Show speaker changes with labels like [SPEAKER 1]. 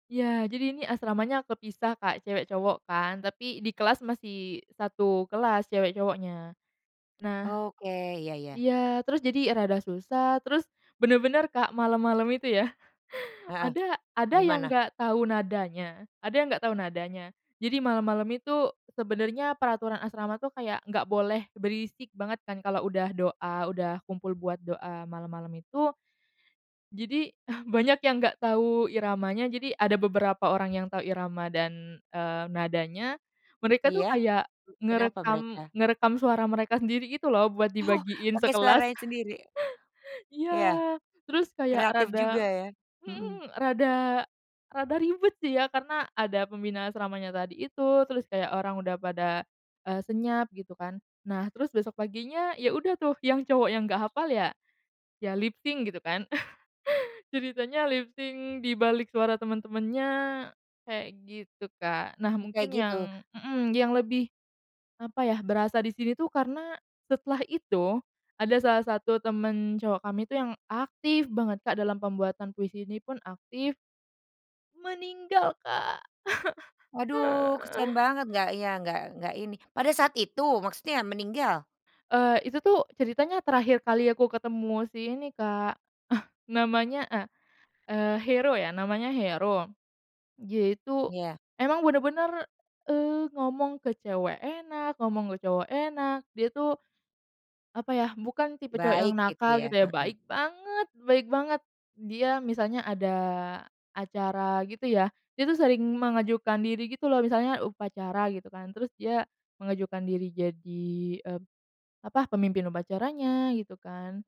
[SPEAKER 1] Iya, jadi ini asramanya kepisah, Kak, cewek cowok kan. Tapi di kelas masih 1 kelas cewek cowoknya. Nah
[SPEAKER 2] Oke, iya iya.
[SPEAKER 1] iya, terus jadi rada susah. Terus, bener-bener, Kak, malam-malam itu ya,
[SPEAKER 2] Heeh,
[SPEAKER 1] ada ada yang
[SPEAKER 2] gimana?
[SPEAKER 1] nggak tahu nadanya ada yang nggak tahu nadanya. Jadi malam-malam itu sebenarnya peraturan asrama tuh kayak nggak boleh berisik banget kan kalau udah doa, udah kumpul buat doa malam-malam itu. Jadi, banyak yang nggak tahu iramanya. Jadi ada beberapa orang yang tahu irama dan, eee, nadanya, mereka tuh
[SPEAKER 2] Iya,
[SPEAKER 1] kayak
[SPEAKER 2] kenapa
[SPEAKER 1] ngerekam
[SPEAKER 2] mereka?
[SPEAKER 1] ngerekam suara mereka sendiri gitu loh buat
[SPEAKER 2] Oh,
[SPEAKER 1] dibagiin
[SPEAKER 2] pakai
[SPEAKER 1] sekelas.
[SPEAKER 2] suaranya sendiri?
[SPEAKER 1] Iya,
[SPEAKER 2] Iya.
[SPEAKER 1] terus kayak
[SPEAKER 2] Kreatif juga
[SPEAKER 1] rada
[SPEAKER 2] ya. Mhm.
[SPEAKER 1] hmm, rada rada ribet sih ya karena ada pembina asramanya tadi itu, terus kayak orang udah pada, eee, senyap gitu kan. Nah, terus besok paginya ya udah tuh yang cowok yang nggak hafal ya, ya lip sync gitu kan. Ceritanya lip sync di balik suara temen-temennya kayak gitu, Kak. Nah,
[SPEAKER 2] Oh, kayak
[SPEAKER 1] mungkin
[SPEAKER 2] gitu.
[SPEAKER 1] yang mhm, yang lebih apa ya, berasa di sini tuh karena setelah itu, ada salah satu temen cowok kami itu yang aktif banget, Kak, dalam pembuatan puisi ini pun aktif, meninggal, Kak.
[SPEAKER 2] Waduh, kasihan banget nggak ya, nggak nggak ini pada saat itu maksudnya meninggal?
[SPEAKER 1] Eee, itu tuh ceritanya terakhir kali aku ketemu si ini, Kak, eh, namanya, eee eee, Hero ya, namanya Hero. Dia itu
[SPEAKER 2] Iya.
[SPEAKER 1] emang bener-bener, eee, ngomong ke cewek enak, ngomong ke cowok enak dia tuh, apa ya, bukan tipe cowok yang
[SPEAKER 2] Baik gitu
[SPEAKER 1] nakal
[SPEAKER 2] ya,
[SPEAKER 1] gitu ya,
[SPEAKER 2] heeh.
[SPEAKER 1] baik banget baik banget. Dia misalnya ada acara gitu ya, dia tuh sering mengajukan diri gitu loh. Misalnya upacara gitu kan, terus dia mengajukan diri jadi, eee, apa, pemimpin upacaranya gitu kan.